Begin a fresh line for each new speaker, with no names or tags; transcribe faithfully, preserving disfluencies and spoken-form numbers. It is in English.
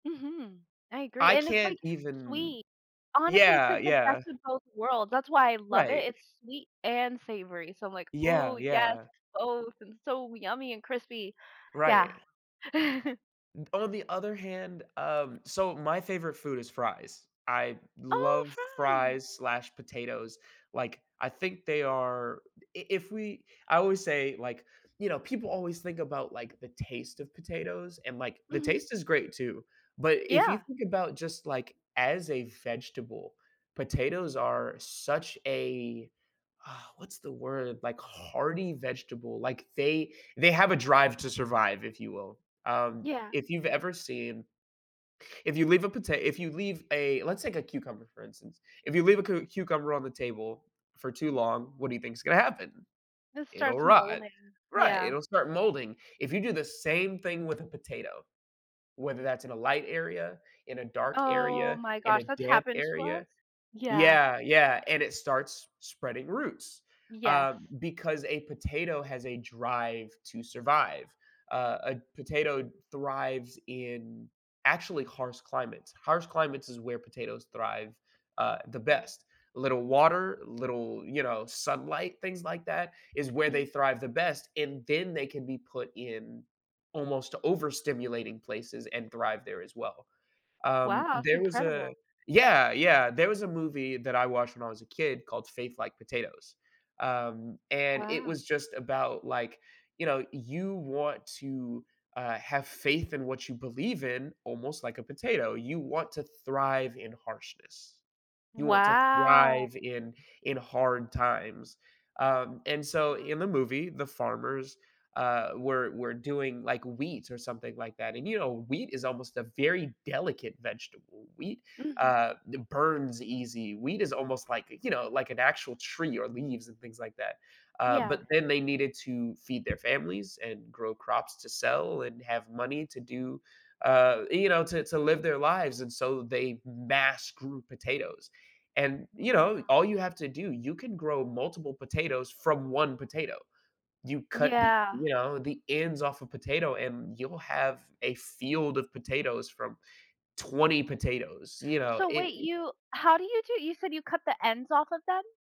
Mhm, I agree,
I
and it's,
can't
like,
even
sweet. Honestly, it's,
Yeah,
like, the best
yeah.
of both worlds, that's why I love it,
Right.
it's sweet and savory, so, I'm like, "Ooh,
Yeah
yes,
yeah.
both! And so yummy and crispy." Yeah.
Right. On the other hand Um, so my favorite food is fries. I
Oh,
love
fries!
fries/ slash potatoes, like, I think they are i if we I always say, like You know, people always think about, like, the taste of potatoes, and, like, the
Mhm.
taste is great, too, but if you
Yeah.
think about just like, as a vegetable, potatoes are such a What's the word? Like hearty vegetable, like they they have a drive to survive, if you will, um,
Yeah.
if you've ever seen If you leave a pota if you leave a let's take a cucumber, for instance. If you leave a cu cucumber on the table for too long, what do you thinks gonna happen?
It
It'll
starts
rot
molding,
Right,
yeah.
it'll start molding. If you do the same thing with a potato, whether that's in a light area, in a dark
Oh
area,
my
in
gosh,
a
that's
damp
happened to us?
area
Yeah.
Yeah yeah, and it starts spreading roots, uh,
Yes.
because a potato has a drive to survive. Uh, a potato thrives in actually harsh climates Harsh climates is where potatoes thrive, uh, the
Wow.
best. Little water, little, you know, sunlight, things like that is where they
Mhm.
thrive the best, and then they can be put in almost overstimulating places and thrive there as well. Um,
Wow, that's
there was a
incredible.
Yeah yeah, there was a movie that I watched when I was a kid called Faith Like Potatoes, um, and it
Wow.
was just about like, you know, you want to, uh, have faith in what you believe in almost like a potato, you want to thrive in harshness, you want to
Wow.
thrive in in hard times. Um, and so
[unintelligible]
in the movie, the farmers, uh, were were doing, like, wheat or something like that, and, you know, wheat is almost a very delicate vegetable. Wheat,
Mhm.
uh, it burns easy. Wheat is almost, like, you know, like an actual tree or leaves and things like that. Uh, but
Yeah.
then they needed to feed their families and grow crops to sell and have money to do uh, you know, to to live their lives, and so they mass grew potatoes. And, you know,
Wow.
all you have to do you can grow multiple potatoes from one potato. You cut the
Yeah.
you know, the ends off a potato, and you'll have a field of potatoes from twenty potatoes, you know,
So,
it
wait,
i
you how do you do you said you cut the ends off of them?